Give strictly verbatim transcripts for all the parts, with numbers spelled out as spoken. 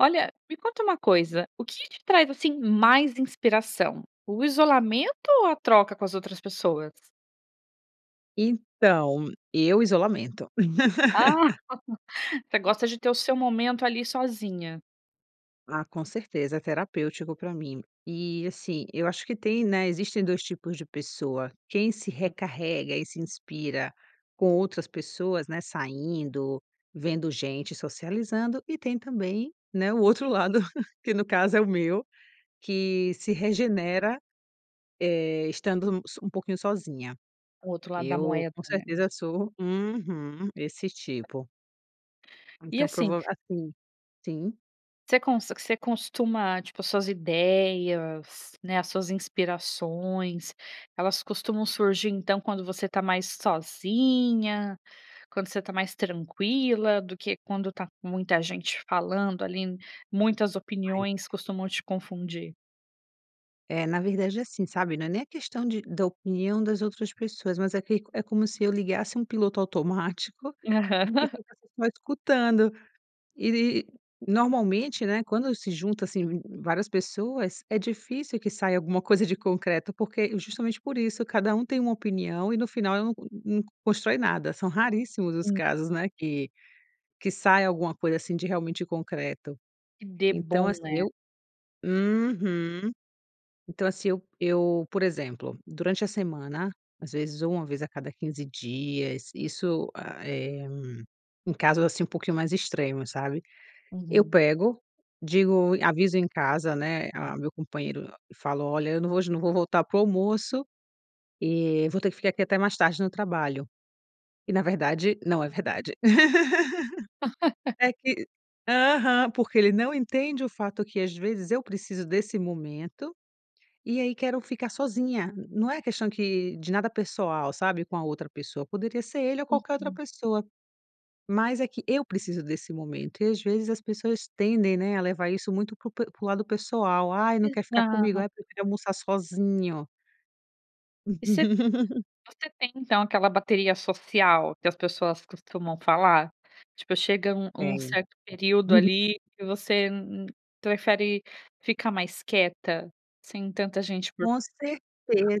Olha, me conta uma coisa, o que te traz, assim, mais inspiração, o isolamento ou a troca com as outras pessoas? Então, eu, isolamento. Ah, você gosta de ter o seu momento ali, sozinha? Ah, com certeza, é terapêutico pra mim. E, assim, eu acho que tem, né, existem dois tipos de pessoa, quem se Hum. recarrega e se inspira com outras pessoas, né, saindo, vendo gente, socializando, e tem também, né, o outro lado, que no caso é o meu, que se regenera, eh, estando u s um pouquinho sozinha. O outro lado da Eu moeda, com né. certeza sou uhum, esse tipo. E Então assim prova assim sim? você conse você costuma, tipo as suas ideias, né, as suas inspirações, elas costumam surgir então quando você tá mais sozinha, quando você tá mais tranquila, do que quando tá com muita gente falando ali n muitas Mas opiniões é. costumam te confundir? É, na verdade, é assim, sabe, não é nem a questão de da opinião das outras pessoas, mas é que é como se eu ligasse um piloto automático que Aham. ficasse só escutando e e normalmente, né, quando se junta assim várias pessoas, é difícil que saia alguma coisa de concreto, porque justamente por isso, cada um tem uma opinião, e no final eu não não constrói nada, são raríssimos os Hum. casos, né, que que sai alguma coisa assim de realmente concreto, Que dê então bom, assim né? eu uhum. Então, assim eu eu, por exemplo, durante a semana, às vezes ou uma vez a cada quinze dias, isso, hã, é um caso assim, um pouquinho mais extremos, sabe. Eu Uhum. pego, digo, aviso em casa, né, ah, meu companheiro e falo: "Olha, eu não vou não vou voltar para o almoço e vou ter que ficar aqui até mais tarde no trabalho," e na verdade, não é verdade, é que aham, porque ele não entende o fato que às vezes eu preciso desse momento, e aí quero ficar sozinha, não é questão que de nada pessoal sabe com a outra pessoa, poderia ser ele ou qualquer outra Uhum. pessoa, mas é que eu preciso desse momento e às vezes as pessoas tendem, né, a levar isso muito para o pe para o lado pessoal, ai, não quer ficar comigo, Exato. ai, não quero almoçar sozinho. E você você tem então aquela bateria social que as pessoas costumam falar, tipo chega um um Tenho. certo período Uhum. ali, e você prefere ficar mais quieta, sem tanta gente por Com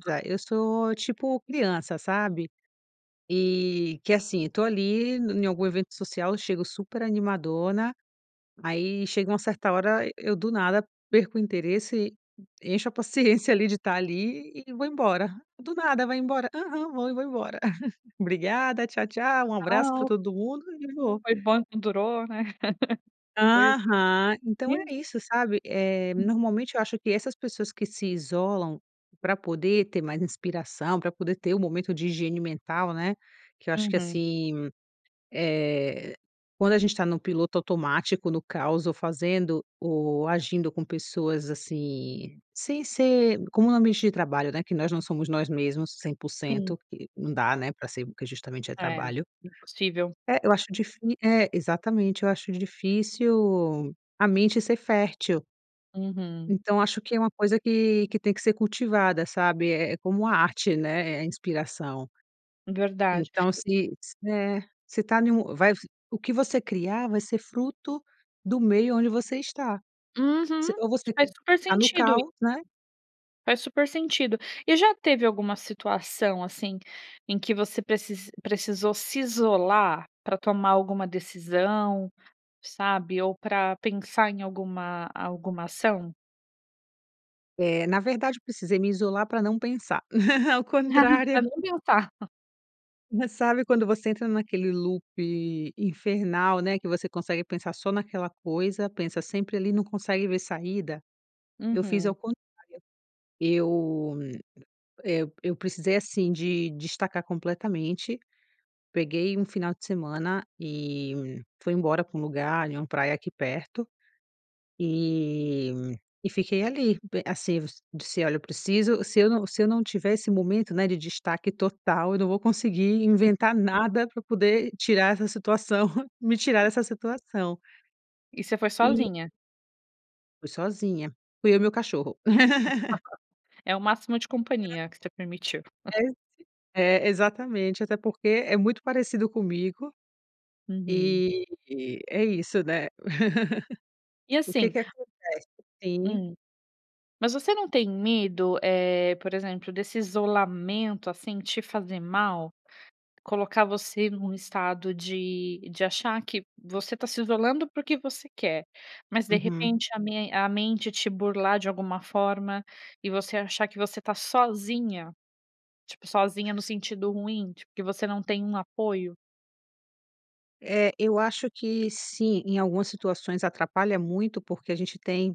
[unintelligible] eu sou tipo criança, sabe, e, que assim tô ali em algum evento social, chego super animadona, aí chega uma certa hora, eu do nada, perco o interesse, encho a paciência ali de estar ali, e vou embora do nada, vai embora? Aham, vou e vou embora. Obrigada, tchau tchau, um abraço para Tchau. todo mundo e vou. Foi bom enquanto durou, né. Pois Aham, é. então Isso. é isso, sabe, eh, Hum. normalmente eu acho que essas pessoas que se isolam pra poder ter mais inspiração, para poder ter o momento de higiene mental, né, que eu acho que Uhum. assim, eh, quando a gente tá no piloto automático, no caos ou fazendo ou agindo com pessoas assim, sem ser como no ambiente de trabalho, né, que nós não somos nós mesmos cem por Sim. cento e não dá, né, pra ser porque justamente é É, trabalho. impossível. É, eu acho difí é exatamente, eu acho difícil a mente ser fértil. Uhum. Então acho que é uma coisa que que tem que ser cultivada, sabe, é é como a arte, né, é é inspiração. Verdade Então, se s é se tá num vai o que você criar vai ser fruto do meio onde você está. Se, Uhum, ou você faz q super tá no sentido caos, isso. né? Faz super sentido. E já teve alguma situação assim, em que você precis precisou se isolar, pra tomar alguma decisão, sabe ou pra pensar em alguma alguma ação? É, na verdade eu precisei me isolar para não pensar. Ao Pra contrário não pensar. Mas sabe, quando você entra naquele loop infernal, né, que você consegue pensar só naquela coisa, pensa sempre ali, não consegue ver saída? Eu fiz ao Uhum. contrário. Eu, eh, eu precisei assim, de destacar completamente, peguei um final de semana e fui embora para um lugar ali, uma praia aqui perto. E e fiquei ali, be assevos, disse: "Olha, eu preciso se eu não se eu não tiver esse momento, né, de destaque total, eu não vou conseguir inventar nada para poder tirar essa situação, me tirar essa situação". E você foi E sozinha? Fui sozinha. Fui eu e meu cachorro. É o máximo de companhia, que você permitiu. É esse é, exatamente, até porque é muito parecido comigo. Uhum. E, é isso, né? E O que assim que acontece? Sim. Hum. Mas você não tem medo, eh, por exemplo, desse isolamento, assim, te fazer mal? Colocar você num estado de de achar que você está se isolando porque você quer, mas de Uhum. repente a me a mente te burlar de alguma forma, e você achar que você está sozinha? Tipo, sozinha no sentido ruim, tipo, que você não tem um apoio? É, eu acho que sim. Em algumas situações atrapalha muito, porque a gente tem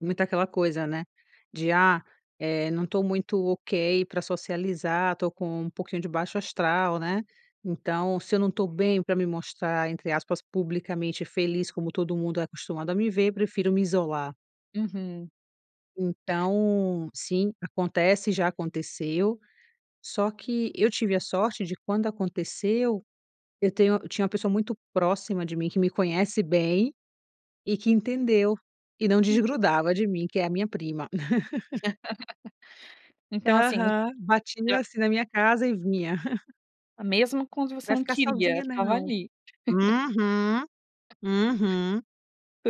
muito aquela coisa, né, de "ah", eh, "não tô muito ok para socializar. Tô com um pouquinho de baixo astral", né? Então "se eu não estou bem para me mostrar", entre aspas, "publicamente feliz, como todo mundo é acostumado a me ver, prefiro me isolar". Uhum. Então sim, acontece, já aconteceu. Só que eu tive a sorte de quando aconteceu, eu tenho eu tinha uma pessoa muito próxima de mim, que me conhece bem e que entendeu e não desgrudava de mim, que é a minha prima. Então, assim Aham. já. Batia, assim, na minha casa e vinha. Mesmo quando você "Vai não ficar queria, sozinha, estava não". ali. Uhum, uhum.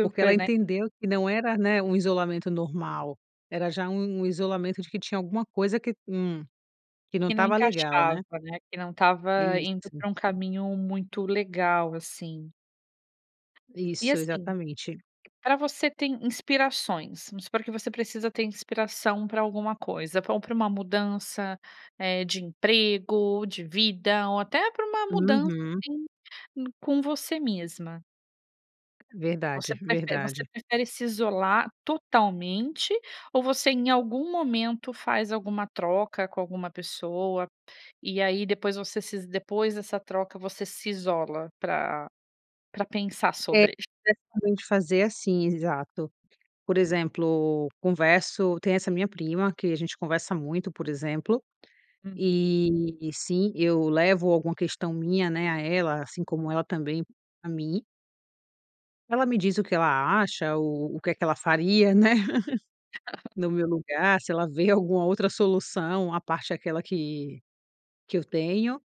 Porque ela né? entendeu que não era, né, um isolamento normal. Era já um um isolamento de que tinha alguma coisa que, hum, que não Que não estava legal, encaixava, né? né? Que não estava indo Isso. pra um caminho muito legal, assim. E, Isso, assim, exatamente pra você tem inspirações. Vamos supor que você precisa ter inspiração para alguma coisa, pra pra uma mudança, eh, de emprego, de vida ou até pra uma mudança, Uhum. assim, em com você mesma. Verdade, Você prefere você verdade. prefere se isolar totalmente, ou você em algum momento faz alguma troca com alguma pessoa? E aí, depois você se is depois dessa troca, você se isola pra pra pensar É, sobre. [unintelligible] fazer assim, exato. Por exemplo, converso tem essa minha prima que a gente conversa muito, por exemplo, Uhum. e, sim, eu levo alguma questão minha, né, a ela, assim como ela também a mim. Ela me diz o que ela acha ou o que que ela faria, né, no meu lugar, se ela ver alguma outra solução, à parte aquela que que eu tenho,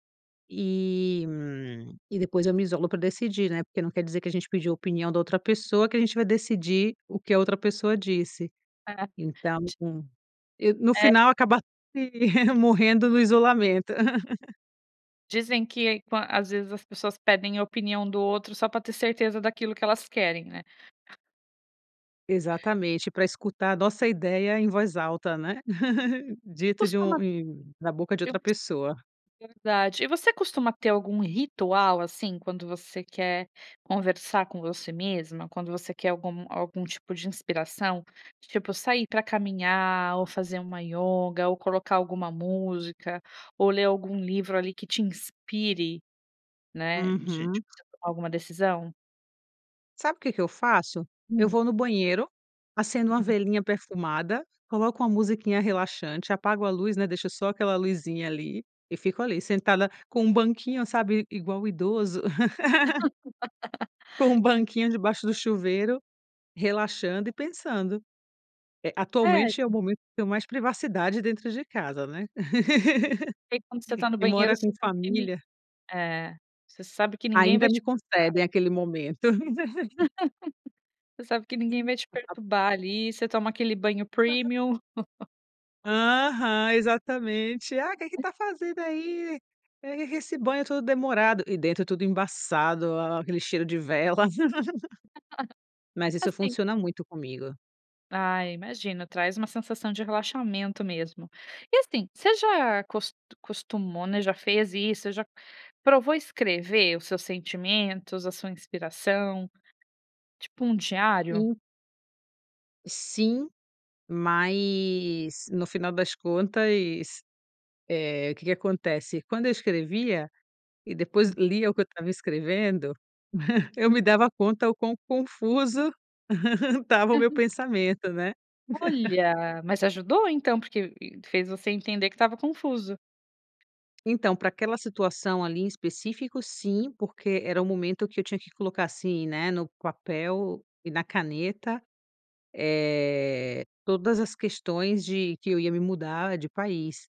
e, hum, e depois eu me isolo pra decidir, né? Porque não quer dizer que a gente pediu a opinião da outra pessoa, que a gente vai decidir o que a outra pessoa disse. É. Então Ti com e no É. final acaba sim, morrendo no isolamento. Dizem que quan às vezes as pessoas pedem a opinião do outro só pra ter certeza daquilo que elas querem, né? Exatamente, pra escutar a nossa ideia em voz alta, né, dito de um Costuma em da boca de eu outra gos pessoa. verdade. E você costuma ter algum ritual assim, quando você quer conversar com você mesma? Quando você quer algum algum tipo de inspiração? Tipo sair pra caminhar, ou fazer uma ioga, ou colocar alguma música, ou ler algum livro ali que te inspire, né, de de Uhum. você tomar alguma decisão? Sabe, o que que eu faço? Eu Hum. vou no banheiro, acendo uma [unintelligible] velinha perfumada, coloco uma musiquinha relaxante, apago a luz, né, deixo só aquela luzinha ali e fico ali sentada com um banquinho, sabe igual idoso. Com um banquinho debaixo do chuveiro, relaxando e pensando. É, Sério? atualmente é o momento que tenho mais privacidade dentro de casa, né, Porque quando você tá no quem banheiro, mora com você consegue família é, você sabe que ninguém vai Ainda me te perturbar. concedem aquele momento. Você sabe que ninguém vai te [unintelligible] perturbar ali, você toma aquele banho [unintelligible] premium. Aham, exatamente: "Ah, o que que [unintelligible] tá fazendo aí? E esse banho todo demorado." E dentro tudo embaçado, aquele cheiro de vela. Mas isso Assim funciona muito comigo. Ah, imagina, traz uma sensação de relaxamento mesmo, e assim, você já acos acostumou, né. Já fez isso? Você já provou escrever os seus sentimentos, a sua inspiração, tipo um diário? In Sim, mas no final das contas, eh, o que que acontece: quando eu escrevia e depois Hum. lia o que eu estava escrevendo, eu me dava conta o quão confuso estava o meu Uhum. pensamento, né? Olha! Mas ajudou, então, porque [unintelligible] fez você entender que estava confuso. Então, pra aquela situação ali em específico, sim, porque era o momento que eu tinha que colocar assim, né, no papel e na caneta, eh, todas as questões de que eu ia me mudar de país.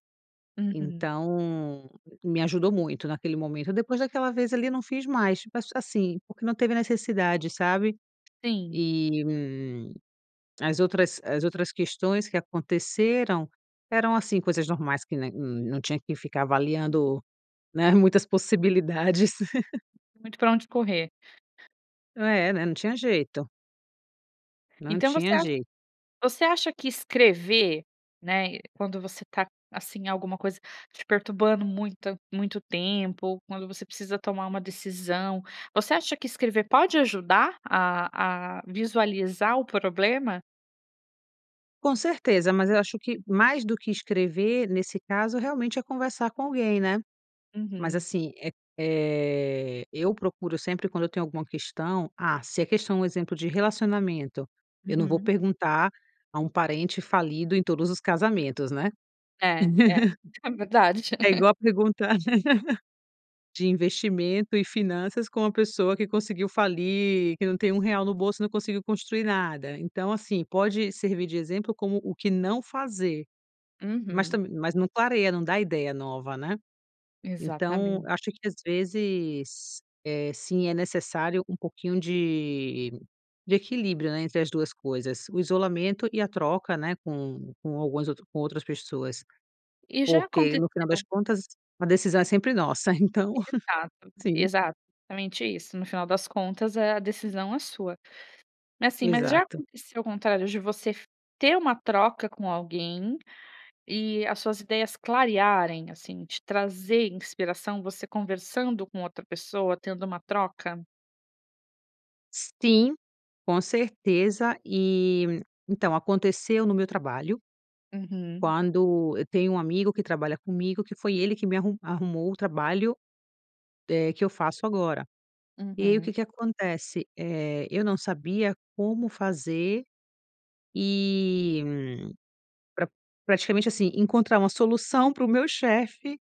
Uhum. Então me ajudou muito naquele momento. Depois daquela vez ali eu não fiz mais, tipo, a assim, porque não teve necessidade, sabe. Sim. Eh, hum, as outras, as outras questões que aconteceram eram, assim, coisas normais que, né, não tinha que ficar avaliando, né, muitas possibilidades. Muito pra onde correr. Ah é, né, não tinha jeito. Não Então você tinha acha jeito. você acha que escrever, né, quando você tá, assim, alguma coisa te perturbando muita muito tempo, ou quando você precisa tomar uma decisão, você acha que escrever pode ajudar a a visualizar o problema? Com certeza. Mas eu acho que, mais do que escrever, nesse caso, realmente é conversar com alguém, né. Mas, Uhum. assim, eh eh, eu procuro sempre, quando eu tenho alguma questão, ah, se a questão é um exemplo de relacionamento, eu não vou Uhum. perguntar a um parente falido em todos os casamentos, né. É, é, é verdade. É igual perguntar de investimento e finanças com uma pessoa que conseguiu falir, que não tem um real no bolso e não conseguiu construir nada. Então, assim, pode servir de exemplo como o que não fazer, mas Uhum. também mas não clareia, não dá ideia nova, né. Então Exatamente. acho que às vezes, eh, sim, é necessário um pouquinho de de equilíbrio, né, entre as duas coisas: o isolamento e a troca, né, com com alguns outro com outras pessoas. E já Porque, no final das aconteceu contas, a decisão é sempre nossa. Então Exato, sim. exatamente isso. No final das contas, eh, a decisão é sua. Mas, assim, mas já Exato. aconteceu o contrário? De você ter uma troca com alguém e as suas ideias clarearem, assim, te trazer inspiração? Você conversando com outra pessoa, tendo uma troca? Sim, com certeza, e então aconteceu no meu trabalho, Uhum. quando, eu tenho um amigo que trabalha comigo, que foi ele que me arru arrumou o trabalho, eh, que eu faço agora, e aí o Uhum. que que acontece, eh, eu não sabia como fazer, e, pra praticamente assim, encontrar uma solução para o meu chefe,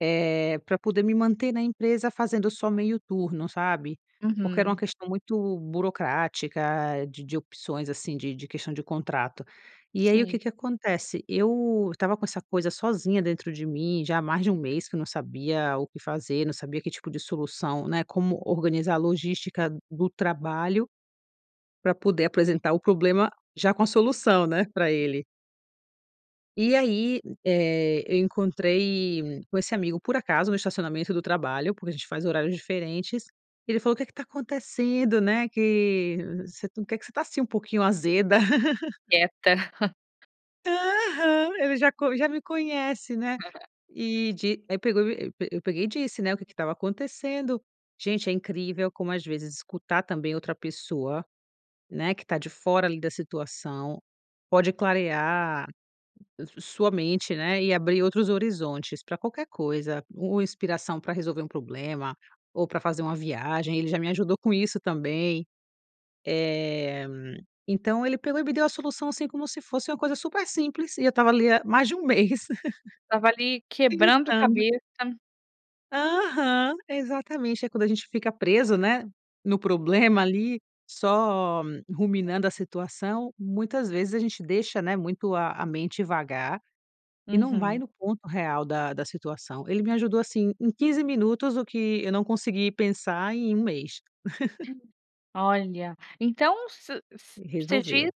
eh, pra poder me manter na empresa fazendo só meio turno, sabe, porque era uma Uhum. questão muito burocrática, de de opções, assim, de de questão de contrato, e aí o Sim. que que acontece, eu estava com essa coisa sozinha dentro de mim, já há mais de um mês, que eu não sabia o que fazer, não sabia que tipo de solução, né, como organizar a logística do trabalho, pra poder apresentar o problema já com a solução, né, pra ele. E aí, eh, eu encontrei com esse amigo por acaso no estacionamento do trabalho, porque a gente faz horários diferentes, ele falou: "O que que tá acontecendo? Né, que você que você tá, assim, um pouquinho azeda". Quieta. Aham. Ele já co já me conhece, né. Aham. E de aí pegou e e eu peg eu peguei e disse, né, o que que estava acontecendo. Gente, é incrível como, às vezes, escutar também outra pessoa, né, que está de fora ali da situação, pode clarear s su sua mente, né, e abrir outros horizontes para qualquer coisa. U u inspiração para resolver um problema ou pra fazer uma viagem. Ele já me ajudou com isso também. Eh, então, ele pegou e me deu a solução, assim, como se fosse uma coisa super simples, e eu estava ali há mais de um mês Estava ali quebrando a pensando. cabeça. Aham. Exatamente. É quando a gente fica preso, né, no problema ali, só ruminando a situação, muitas vezes a gente deixa, né, muito a a mente vagar e não vai Uhum. no ponto real da da situação. Ele me ajudou assim em quinze minutos, o que eu não consegui pensar em um mês. Olha, então, se s você diz Resolveu.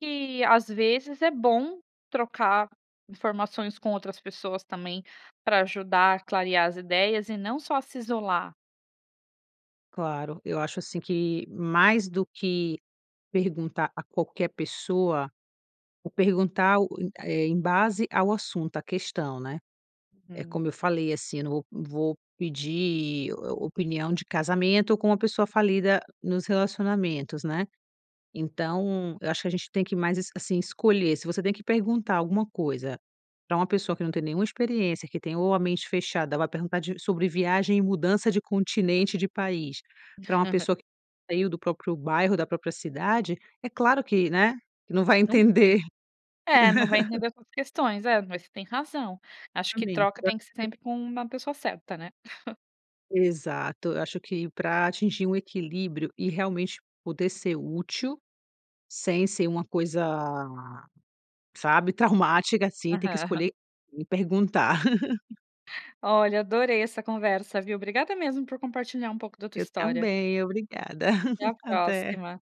que, às vezes, é bom trocar informações com outras pessoas também para ajudar a clarear as ideias e não só a se isolar? Claro, eu acho, assim, que mais do que perguntar a qualquer pessoa ou perguntar, eh, em base ao assunto, a questão, né. É Uhum. como eu falei, assim, eu não vou vou pedir o opinião de casamento com uma pessoa falida nos relacionamentos, né. Então, eu acho que a gente tem que mais es assim, escolher, se você tem que perguntar alguma coisa pra uma pessoa que não tem nenhuma experiência, que tem ou a mente fechada, ou vai perguntar de sobre viagem e mudança de continente de país para uma pessoa que [unintelligible] saiu do próprio bairro da própria cidade, é claro que, né, que não vai [unintelligible] entender. É, não vai entender suas questões. É, mas você tem razão, acho que Exatamente. troca tem que ser [unintelligible] sempre com uma pessoa certa, né. Exato. Eu acho que para atingir um equilíbrio e realmente poder ser útil, sem ser uma coisa, sabe, traumática, assim, tem que Aham. escolher quem perguntar. Olha, adorei essa conversa, viu. Obrigada mesmo por compartilhar um pouco da tua Eu história. também. Obrigada, Até a até. próxima.